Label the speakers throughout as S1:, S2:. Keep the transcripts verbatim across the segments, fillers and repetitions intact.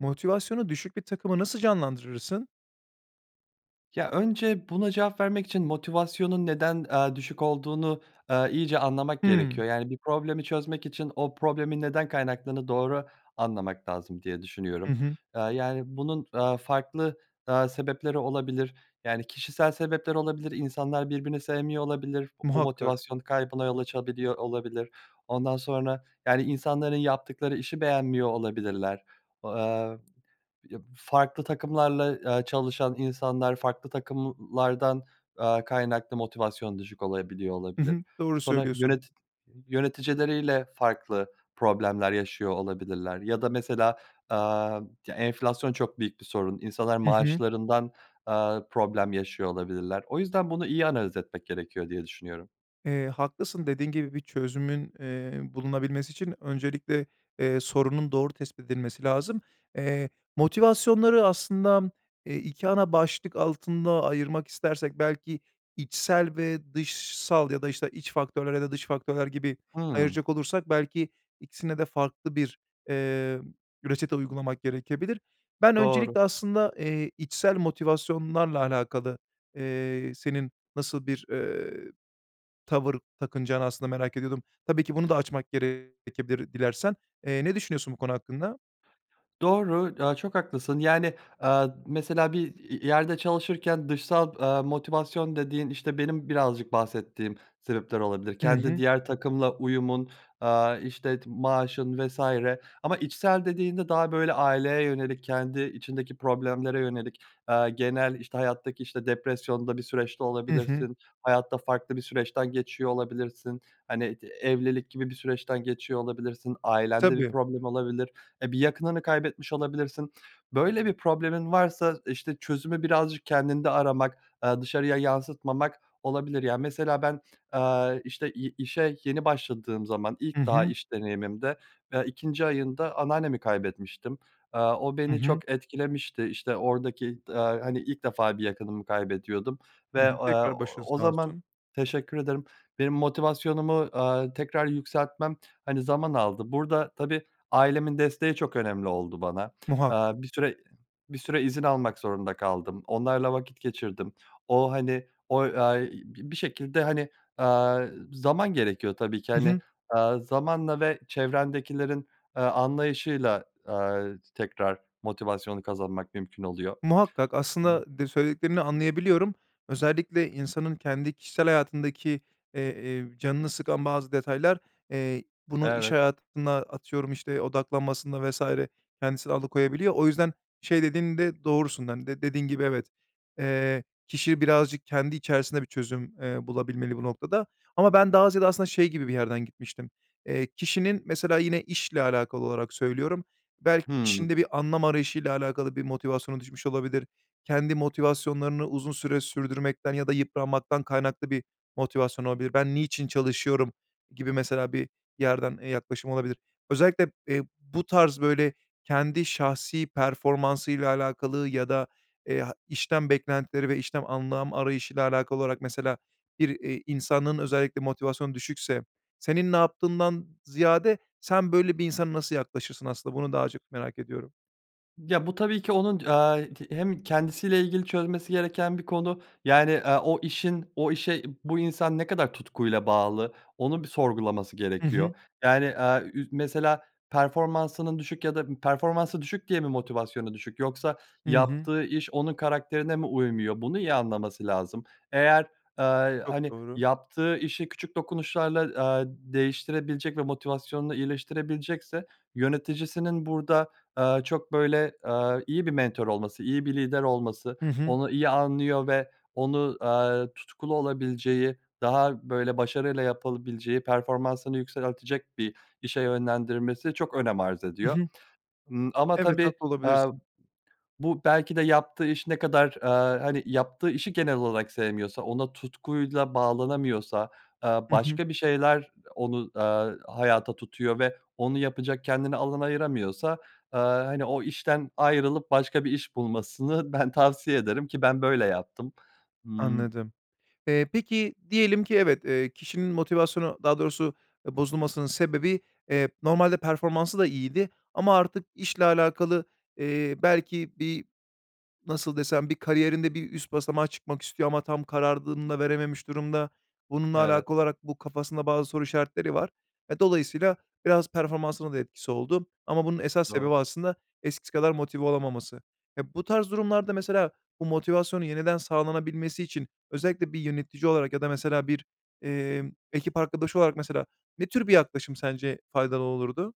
S1: Motivasyonu düşük bir takımı nasıl canlandırırsın?
S2: Ya, önce buna cevap vermek için motivasyonun neden, eee, düşük olduğunu, eee, iyice anlamak
S1: Hıı.
S2: gerekiyor. Yani, bir problemi çözmek için o problemin neden kaynaklandığını doğru anlamak lazım diye
S1: Hı
S2: düşünüyorum.
S1: hı.
S2: Eee, yani, bunun, eee, farklı, eee, sebepleri olabilir, yani, kişisel sebepler olabilir, insanlar birbirini sevmiyor olabilir, bu
S1: Muhakkak.
S2: motivasyon kaybına yol açabiliyor olabilir. Ondan sonra, yani, insanların yaptıkları işi beğenmiyor olabilirler, eee, yab farklı takımlarla, eee, çalışan insanlar farklı takımlardan, eee, kaynaklı motivasyon düşük olabiliyor,
S1: Hı
S2: olabilir.
S1: hı. Doğru
S2: Sonra
S1: söylüyorsun.
S2: yöneti yöneticileriyle farklı problemler yaşıyor olabilirler ya da mesela, aaa, ya, enflasyon çok büyük bir sorun, insanlar
S1: Hı hı.
S2: maaşlarından, aaa, problem yaşıyor olabilirler. O yüzden bunu iyi analiz etmek gerekiyor diye düşünüyorum.
S1: Eee, haklısın. Dediğin gibi bir çözümün, eee, bulunabilmesi için öncelikle, eee, sorunun doğru tespit edilmesi lazım. Eee, motivasyonları aslında, eee, iki ana başlık altında ayırmak istersek belki içsel ve dışsal ya da, işte, iç faktörler ya da dış faktörler gibi
S2: Hıı.
S1: ayıracak olursak belki ikisine de farklı bir, eee, ü reçete uygulamak gerekebilir. Ben
S2: Doğru.
S1: öncelikle aslında, eee, içsel motivasyonlarla alakalı, eee, senin nasıl bir, eee, tavır takınacağını aslında merak ediyordum. Tabii ki bunu da açmak gerekebilir dilersen. Eee, ne düşünüyorsun bu konu hakkında?
S2: Doğru, aaa, çok haklısın, yani, aaa, mesela, bir i i yerde çalışırken dışsal, aaa, motivasyon dediğin, işte, benim birazcık bahsettiğim sebepler olabilir.
S1: I
S2: Kendi
S1: hı.
S2: diğer takımla uyumun, aaa, işte, t maaşın vs. ama içsel dediğinde daha, böyle, aileye yönelik kendi içindeki problemlere yönelik, aaa, genel, işte, hayattaki, işte, depresyonda bir süreçte
S1: I hı.
S2: olabilirsin, hayatta farklı bir süreçten geçiyor olabilirsin, hani, t evlilik gibi bir süreçten geçiyor olabilirsin, ailende bir
S1: Tabii.
S2: problem olabilir, eee, bir yakınını kaybetmiş olabilirsin. Böyle bir problemin varsa, işte, çözümü birazcık kendinde aramak, aaa, dışarıya yansıtmamak olabilir. Yani, mesela, ben, aaa, işte, ye işe yeni başladığım zaman
S1: I
S2: ilk daha
S1: hı.
S2: iş deneyimimde, aaa, ikinci ayında anneannemi kaybetmiştim. Aaa, o
S1: I
S2: beni
S1: hı.
S2: çok etkilemişti. İşte, oradaki ta hani, ilk defa bir yakınımı kaybediyordum
S1: Hı
S2: ve,
S1: hı.
S2: aaa,
S1: Tekrar başın
S2: ooo, o
S1: sağ
S2: zaman
S1: olsun.
S2: Teşekkür ederim. Benim motivasyonumu, aaa, tekrar yükseltmem, hani, zaman aldı. Burada, tabii ailemin desteği çok önemli oldu bana,
S1: Muhakkak.
S2: aaa, bir süre bir süre izin almak zorunda kaldım. Onlarla vakit geçirdim. O, hani, oy ay bi bir şekilde, hani, aaa, zaman gerekiyor tabii ki,
S1: I
S2: hani,
S1: hı.
S2: aaa, zamanla ve çevrendekilerin, aaa, anlayışıyla, aaa, t tekrar motivasyonu kazanmak mümkün oluyor.
S1: Muhakkak aslında de söylediklerini anlayabiliyorum. Özellikle insanın kendi kişisel hayatındaki, eee, eee, canını sıkan bazı detaylar, eee, bunu iş
S2: Evet.
S1: hayatında, atıyorum, işte, odaklanmasında vs. kendisini alıkoyabiliyor. O yüzden şey dediğinde doğrusun da, hani, de dediğin gibi, evet, eee, kişi birazcık kendi içerisinde bir çözüm, eee, bulabilmeli bu noktada ama ben daha ziyade aslında şey gibi bir yerden gitmiştim. Eee, kişinin, mesela, yine işle alakalı olarak söylüyorum, belki işinde
S2: Hımm.
S1: bir anlam arayışıyla alakalı bir motivasyonu düşmüş olabilir, kendi motivasyonlarını uzun süre sürdürmekten ya da yıpranmaktan kaynaklı bir motivasyon olabilir, "Ben niçin çalışıyorum?" gibi, mesela, bir yerden, eee, yaklaşım olabilir. Özellikle, eee, bu tarz, böyle, kendi şahsi performansıyla alakalı ya da, eee, ha işten beklentileri ve işten anlam arayışıyla alakalı olarak, mesela, bir, eee, insanın özellikle motivasyon düşükse, senin ne yaptığından ziyade sen böyle bir insana nasıl yaklaşırsın, aslında bunu daha çok merak ediyorum.
S2: Ya bu tabii ki, onun, aaa, t hem kendisiyle ilgili çözmesi gereken bir konu, yani, eee, o işin o işe bu insan ne kadar tutkuyla bağlı onu bir sorgulaması
S1: Hı hı.
S2: gerekiyor. Yani, aaa, ü mesela performansının düşük ya da bir performansı düşük diye mi, motivasyonu düşük yoksa
S1: Hı hı.
S2: yaptığı iş onun karakterine mi uymuyor? Bunu iyi anlaması lazım. Eğer, aaa, iii,
S1: Çok
S2: hani,
S1: doğru.
S2: yaptığı işi küçük dokunuşlarla, aaa, d değiştirebilecek ve motivasyonunu iyileştirebilecekse yöneticisinin burada, aaa, çok, böyle, eee, iyi bir mentor olması, iyi bir lider olması,
S1: Hı hı.
S2: onu iyi anlıyor ve onu, aaa, tutkulu olabileceği daha, böyle, başarıyla yapılabileceği performansını yükseltelecek bir işe yönlendirmesi çok önem arz
S1: I
S2: ediyor.
S1: hı.
S2: Imm, ama
S1: Evet,
S2: tabii,
S1: haklı
S2: aaa,
S1: olabilirsin.
S2: bu belki de yaptığı iş ne kadar, aaa, hani, yaptığı işi genel olalak sevmiyorsa ona tutkuyla bağlanamıyorsa, aaa,
S1: Hı hı.
S2: başka bir şeyler onu, aaa, hayata tutuyor ve onu yapacak kendine alan ayıramıyorsa, aaa, hani, o işten ayrılıp başka bir iş bulmasını ben tavsiye ederim ki ben böyle yaptım, ımm
S1: Anladım. Eee, peki diyelim ki evet, eee, kişinin motivasyonu daha doğrusu bozulmasının sebebi, eee, normalde performansı da iyiydi ama artık işle alakalı, eee, belki bir nasıl desem bir kariyerinde bir üst basamağa çıkmak istiyor ama tam kararını da verememiş durumda, bununla
S2: Evet.
S1: alakalı olarak bu kafasında bazı soru işaretleri var. Eee, dolayısıyla biraz performansına da etkisi oldu ama bunun esas sebebi
S2: Doğru
S1: aslında eskisi kadar motive olamaması. Eee, bu tarz durumlarda mesela bu motivasyonun yeniden sağlanabilmesi için özellikle bir yönetici olarak ya da mesela bir, emm, ekip arkadaşı olarak mesela ne tür bir yaklaşım sence faydalı olulurdu?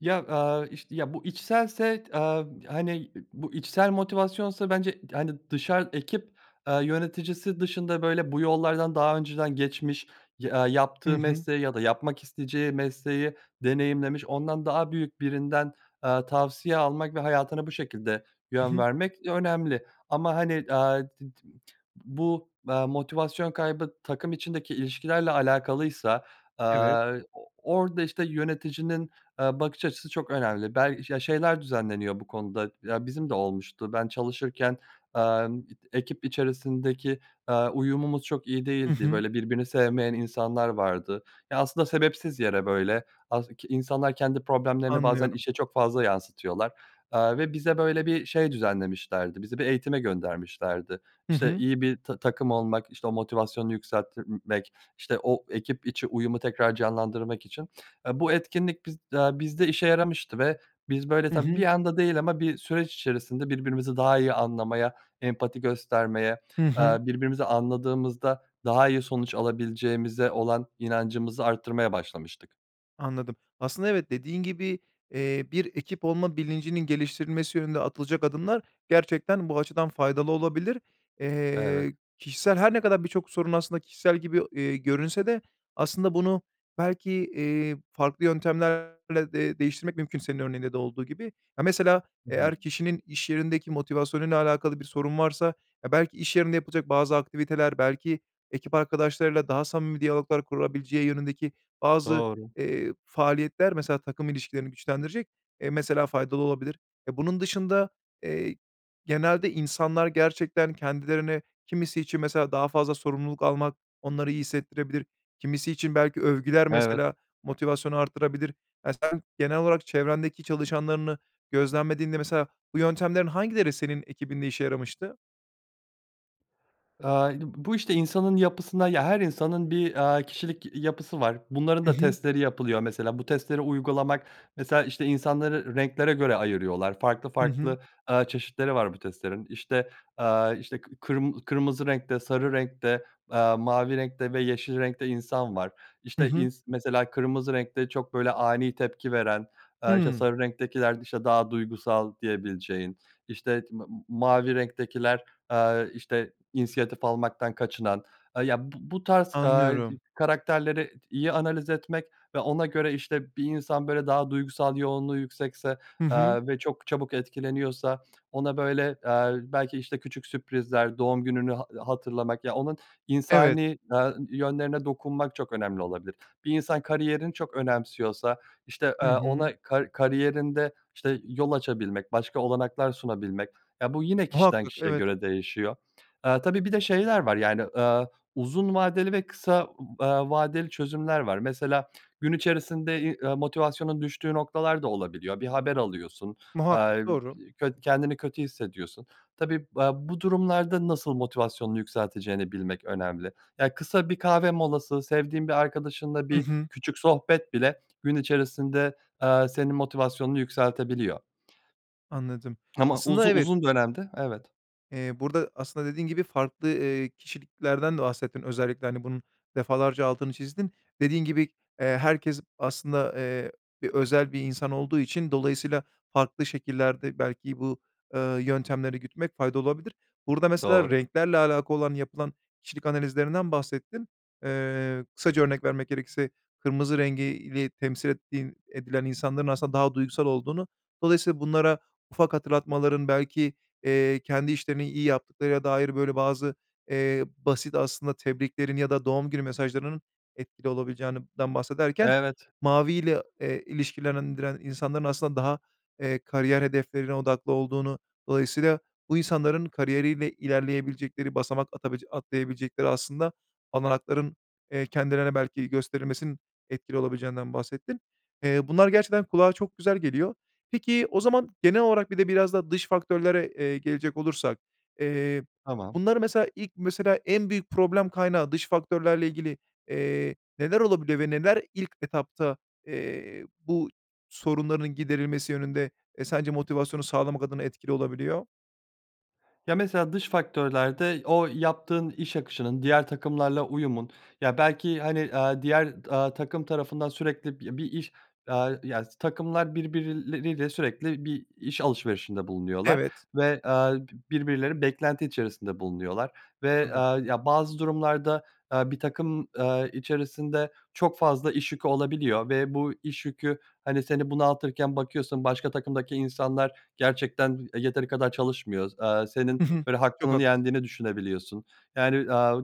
S2: Ya, aaa, işte, ya bu içselse t aaa, hani, bu içsel motivasyonsa bence t hani, dışar ekip, aaa, yöneticisi dışında, böyle, bu yollardan daha önceden geçmiş ya
S1: Hı
S2: yaptığı
S1: hı.
S2: mesleği ya da yapmak isteyeceği mesleği deneyimlemiş ondan daha büyük birinden, aaa, tavsiye almak ve hayatına bu şekilde
S1: I
S2: yön
S1: hı.
S2: vermek önemli. Ama, hani, aaa, d d bu, aaa, motivasyon kaybı takım içindeki ilişkilerle alakalıysa,
S1: Evet.
S2: aaa, o orada, işte, yöneticinin, aaa, bakış açısı çok önemli. Bel ya, şeyler düzenleniyor bu konuda ya, bizim de olmuştu. Ben çalışırken, amm, ekip içerisindeki, aaa, uyumumuz çok iyi
S1: I
S2: değildi,
S1: hı.
S2: böyle, birbirini sevmeyen insanlar vardı. E, aslında sebepsiz yere, böyle, as ki insanlar kendi problemlerini bazen
S1: Anlıyorum.
S2: işe çok fazla yansıtıyorlar, aaa, ve bize, böyle, bir şey düzenlemişlerdi, bizi bir eğitime göndermişlerdi.
S1: Hı
S2: İşte,
S1: hı.
S2: iyi bir ta takım olmak, işte, o motivasyonu yükseltimek, işte, o ekip içi uyumu tekrar canlandırmak için. Aaa, bu etkinlik biz aaa, bizde işe yaramıştı ve biz, böyle,
S1: Hı
S2: tabii bir
S1: hı.
S2: anda değil ama bir süreç içerisinde birbirimizi daha iyi anlamaya, empati göstermeye,
S1: Hı hı.
S2: aaa, birbirimizi anladığımızda daha iyi sonuç alabileceğimize olan inancımızı arttırmaya başlamıştık.
S1: Anladım. Aslında evet, dediğin gibi, eee, bir ekip olma bilincinin geliştirilmesi yönünde atılacak adımlar gerçekten bu açıdan faydalı olabilir.
S2: Evet.
S1: Eee, kişisel her ne kadar birçok sorun aslında kişisel gibi, eee, görünse de aslında bunu belki, eee, farklı yöntemlerle de değiştirmek mümkün senin örneğinde de olduğu gibi. Ya, mesela
S2: Hı hı.
S1: eğer kişinin iş yerindeki motivasyonuyla alakalı bir sorun varsa, e, belki iş yerinde yapılacak bazı aktiviteler, belki ekip arkadaşlarıyla daha samimi diyaloglar kurabileceği yönündeki bazı,
S2: Doğru.
S1: eee, faaliyetler, mesela takım ilişkilerini güçlendirecek, eee, mesela, faydalı olabilir. Eee, bunun dışında, eee, genelde insanlar gerçekten kendilerini kimisi için mesela daha fazla sorumluluk almak onları iyi hissettirebilir, kimisi için belki övgüler
S2: Evet.
S1: mesela, motivasyonu artırabilir. Ya, sen genel olarak çevrendeki çalışanlarını gözlemlediğinde, mesela, bu yöntemlerin hangileri senin ekibinde işe yaramıştı?
S2: Eee, b b bu, işte, insanın yapısına ya, her insanın bir, aaa, kişilik yapısı var. Bunların
S1: Hı
S2: da
S1: hı.
S2: testleri yapılıyor. Mesela bu testleri uygulamak mesela, işte, insanları renklere göre ayırıyorlar farklı
S1: Hı hı.
S2: farklı, eee, çeşitleri var bu testlerin. İşte, aaa, işte, k kırm kırmızı renkte, sarı renkte, aaa, mavi renkte ve yeşil renkte insan var.
S1: Hı
S2: İşte,
S1: hı.
S2: ins mesela kırmızı renkte çok, böyle, ani tepki veren, aaa, işte,
S1: Hıı.
S2: sarı renktekiler, işte, daha duygusal diyebileceğin, işte, t m m mavi renktekiler, aaa, işte, insiyatif almaktan kaçınan, aaa, ya b b bu tarz, aaa, d d
S1: Anlıyorum.
S2: karakterleri t iyi analiz etmek ve ona göre, işte, bir insan, böyle, daha duygusal yoğunluğu yüksekse,
S1: Hı hı.
S2: aaa, ve çok çabuk etkileniyorsa ona, böyle, aaa, belki, işte, küçük sürprizler doğum gününü ha hatırlamak ya, onun
S1: Evet.
S2: insani, aaa, yönlerine dokunmak çok önemli olabilir. Bir insan kariyerini çok önemsiyorsa, işte, eee,
S1: Hı hı.
S2: ona kar kariyerinde, işte, yol açabilmek başka olanaklar sunabilmek ya, bu yine kişiden
S1: Muhakkak,
S2: kişiye
S1: evet.
S2: göre değişiyor. Aaa, tabii bir de şeyler var, yani, aaa, uzun vadeli ve kısa, aaa, vadeli çözümler var. Mesela gün içerisinde i ı motivasyonun düştüğü noktalar da olabiliyor, bir haber alıyorsun,
S1: Muhakkak,
S2: eee,
S1: doğru.
S2: köt kendini kötü hissediyorsun. Tabii, aaa, bu durumlarda nasıl motivasyonunu yükselteceğini bilmek önemli. Ya, kısa bir kahve molası, sevdiğin bir arkadaşınla
S1: Hı
S2: bir
S1: hı.
S2: küçük sohbet bile gün içerisinde, eee, senin motivasyonunu yükseltebiliyor.
S1: Anladım,
S2: Ama uzu
S1: aslında evet.
S2: uzun dönemde, evet
S1: Eee, burada aslında dediğin gibi farklı, eee, kişiliklerden de bahsettin özellikle, hani, bunun defalarca altını çizdin. Dediğin gibi, eee, herkes aslında, eee, bir özel bir insan olduğu için dolayısıyla farklı şekillerde belki bu, eee, yöntemleri gütmek faydalı olabilir. Burada mesela
S2: Doğru.
S1: renklerle alakalı olan yapılan kişilik analizlerinden bahsettin. Eee, kısaca örnek vermek gerekirse kırmızı rengi ile temsil ettiğin edilen insanların aslında daha duygusal olduğunu. Dolayısıyla bunlara ufak hatırlatmaların belki, eee, kendi işlerini iyi yaptıklarına dair, böyle, bazı, eee, basit aslında tebriklerin ya da doğum günü mesajlarının etkili olabileceğinden bahsederken
S2: Evet.
S1: maviyle, eee, ilişkilendiren insanların aslında daha, eee, kariyer hedeflerine odaklı olduğunu, dolayısıyla bu insanların kariyeriyle ilerleyebilecekleri, basamak atabilecek atlayabilecekleri aslında olanakların, eee, kendilerine belki gösterilmesinin etkili olabileceğinden bahsettin. Eee, bunlar gerçekten kulağa çok güzel geliyor. Peki, o zaman genel olarak bir de biraz da dış faktörlere, eee, gelecek olursak, eee,
S2: Tamam.
S1: bunları mesela, ilk mesela, en büyük problem kaynağı dış faktörlerle ilgili, eee, neler olabiliyor ve neler ilk etapta, eee, bu sorunların giderilmesi yönünde sence motivasyonu sağlamak adına etkili olabiliyor?
S2: Ya, mesela dış faktörlerde o yaptığın iş akışının diğer takımlarla uyumun ya, belki, hani, aaa, diğer t aaa, takım tarafından sürekli bi bir iş, aaa, ya, s takımlar birbirleriyle sürekli bir iş alışverişinde bulunuyorlar
S1: Evet.
S2: ve, aaa, bi birbirleri beklenti içerisinde bulunuyorlar ve,
S1: Tabii.
S2: aaa, ya, bazı durumlarda, aaa, bir takım, aaa, içerisinde çok fazla iş yükü olabiliyor ve bu iş yükü, hani, seni bunaltırken bakıyorsun başka takımdaki insanlar gerçekten b yeteri kadar çalışmıyor. S aaa, senin,
S1: Hı hı.
S2: böyle,
S1: Çok
S2: hakkının
S1: haklısın.
S2: yendiğini düşünebiliyorsun. Yani, aaa,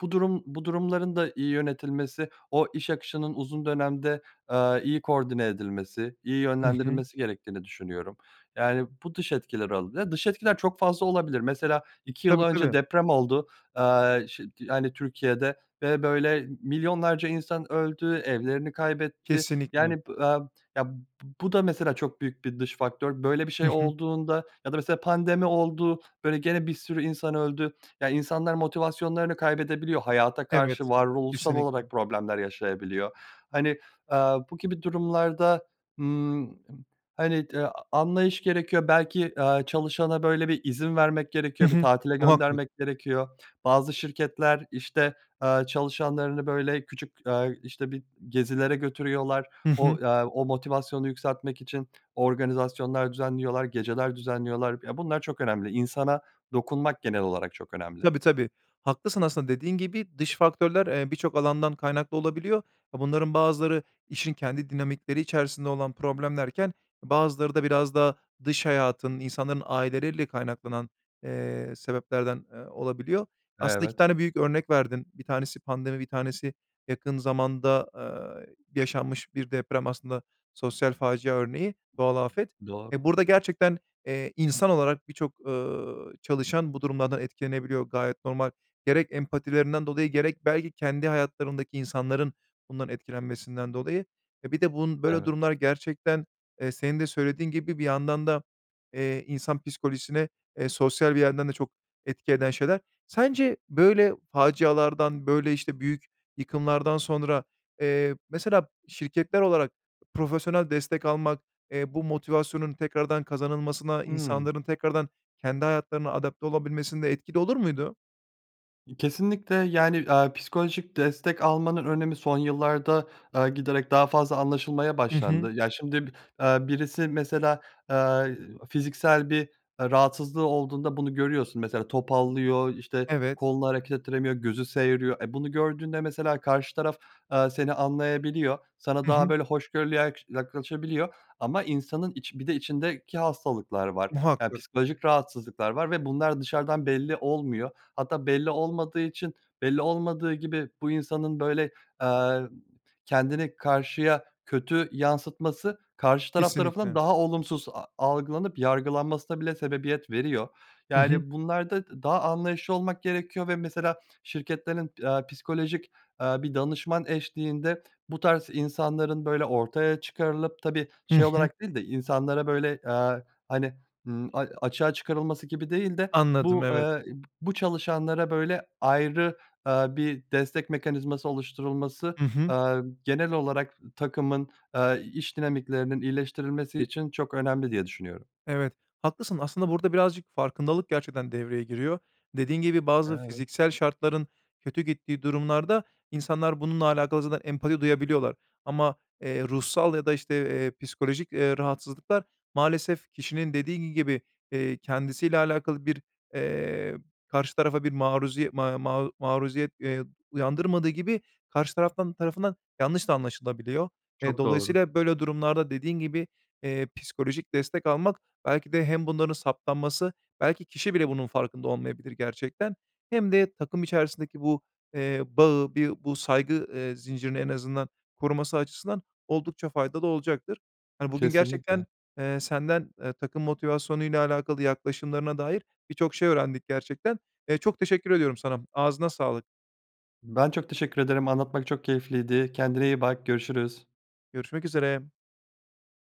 S2: bu durum bu durumların da iyi yönetilmesi o iş akışının uzun dönemde, aaa, iyi koordine edilmesi, iyi
S1: I hı.
S2: yönlendirilmesi gerektiğini düşünüyorum. Yani, bu dış etkiler olabi Dış etkiler çok fazla olabilir mesela iki yıl
S1: Tabii,
S2: önce
S1: tabii.
S2: deprem oldu, aaa, ş t yani, Türkiye'de ve, böyle, milyonlarca insan öldü, evlerini kaybetti,
S1: Kesinlikle.
S2: yani, b aaa, ya, b bu da mesela çok büyük bir dış faktör. Böyle bir
S1: I
S2: şey
S1: hı.
S2: olduğunda ya da mesela pandemi oldu, böyle, gene bir sürü insan öldü. Ya, insanlar motivasyonlarını kaybedebiliyor, hayata
S1: Evet,
S2: karşı varoluşsal
S1: kesinlikle.
S2: olarak problemler yaşayabiliyor. Hani, aaa, bu gibi durumlarda, ımm, hani, t anlayış gerekiyor belki, aaa, çalışana, böyle, bir izin vermek
S1: Hı
S2: gerekiyor, bir
S1: hı.
S2: tatile
S1: Muhakkak.
S2: göndermek gerekiyor. Bazı şirketler, işte, aaa, çalışanlarını, böyle, küçük, aaa, işte, bir gezilere götürüyorlar,
S1: I hı.
S2: o, eee, o motivasyonu yükseltmek için organizasyonlar düzenliyorlar, geceler düzenliyorlar ya, bunlar çok önemli, insana dokunmak genel olarak çok önemli.
S1: Tabii, tabii. Haklısın, aslında dediğin gibi dış faktörler, eee, birçok alandan kaynaklı olabiliyor. A bunların bazıları işin kendi dinamikleri içerisinde olan problemlerken bazıları da biraz daha dış hayatın, insanların aileleriyle kaynaklanan, eee, sebeplerden, eee, olabiliyor. Aslında iki
S2: Evet.
S1: tane büyük örnek verdin. bir tanesi pandemi, bir tanesi yakın zamanda, eee, yaşanmış bir deprem, aslında sosyal facia örneği, doğal afet.
S2: Doğru.
S1: Eee, burada gerçekten, eee, insan olarak birçok, ııı, çalışan bu durumlardan etkilenebiliyor, gayet normal. Gerek empatilerinden dolayı, gerek belki kendi hayatlarındaki insanların bundan etkilenmesinden dolayı. E, bir de bun böyle
S2: Evet.
S1: durumlar gerçekten, eee, senin de söylediğin gibi bir yandan da, eee, insan psikolojisine, eee, sosyal bir yerden de çok etki eden şeyler. Sence böyle facialardan, böyle, işte, büyük yıkımlardan sonra, eee, mesela, şirketler olarak profesyonel destek almak, eee, bu motivasyonun tekrardan kazanılmasına,
S2: Hımm.
S1: insanların tekrardan kendi hayatlarına adapte olabilmesinde etkili olur muydu?
S2: Kesinlikle. Yani, aaa, psikolojik destek almanın önemi son yıllarda, eee, giderek daha fazla anlaşılmaya
S1: I hı.
S2: başlandı. Ya, şimdi, eee, birisi mesela, eee, fiziksel bir, eee, rahatsızlığı olduğunda bunu görüyorsun, mesela, topallıyor, işte,
S1: Evet.
S2: kolunu hareket ettiremiyor gözü seğiriyor. E, bunu gördüğünde, mesela karşı taraf, eee, seni anlayabiliyor sana
S1: Hı
S2: daha,
S1: hı.
S2: böyle, hoşgörülü yak yaklaşabiliyor ama insanın içi bir de içindeki hastalıklar var. Eee,
S1: Muhakkak.
S2: psikolojik rahatsızlıklar var ve bunlar dışarıdan belli olmuyor hatta belli olmadığı için, belli olmadığı gibi bu insanın, böyle, eee, kendini karşıya kötü yansıtması karşı taraf tarafından
S1: Kesinlikle.
S2: daha olumsuz a algılanıp yargılanmasına bile sebebiyet veriyor.
S1: Hı hı.
S2: Yani, bunlarda daha anlayışlı olmak gerekiyor ve mesela şirketlerin, eee, psikolojik, eee, bir danışman eşliğinde bu tarz insanların, böyle, ortaya çıkarılıp, tabii,
S1: Hı
S2: şey
S1: hı.
S2: olarak değil de insanlara, böyle, eee, hani, ımm, a açığa çıkarılması gibi değil de
S1: Anladım,
S2: bu
S1: evet.
S2: eee, bu çalışanlara, böyle, ayrı, eee, bir destek mekanizması oluşturulması,
S1: Hı hı.
S2: eee, genel olarak takımın, eee, iş dinamiklerinin iyileştirilmesi için çok önemli diye düşünüyorum.
S1: Evet, haklısın. Aslında burada birazcık farkındalık gerçekten devreye giriyor. Dediğin gibi bazı
S2: Evet.
S1: fiziksel şartların kötü gittiği durumlarda, insanlar bununla alakalı zaten empati duyabiliyorlar ama, eee, ruhsal ya da, işte, eee, psikolojik, eee, rahatsızlıklar maalesef kişinin dediği gibi, iii, kendisiyle alakalı bir, eee, karşı tarafa bir maruziye ma ma maruziyet, eee, uyandırmadığı gibi karşı taraftan tarafından yanlış da anlaşılabiliyor. Eee,
S2: Çok doğru.
S1: dolayısıyla, böyle, durumlarda dediğin gibi, eee, psikolojik destek almak belki de hem bunların saptanması belki kişi bile bunun farkında olmayabilir gerçekten hem de takım içerisindeki bu, eee, bağı, bi bu saygı, eee, zincirini en azından koruması açısından oldukça faydalı olacaktır. Hani, bugün
S2: Kesinlikle.
S1: gerçekten, eee, senden, eee, takım motivasyonuyla alakalı yaklaşımlarına dair birçok şey öğrendik gerçekten. Eee, çok teşekkür ediyorum sana. Ağzına sağlık.
S2: Ben çok teşekkür ederim, anlatmak çok keyifliydi. Kendine iyi bak. Görüşürüz.
S1: Görüşmek üzere.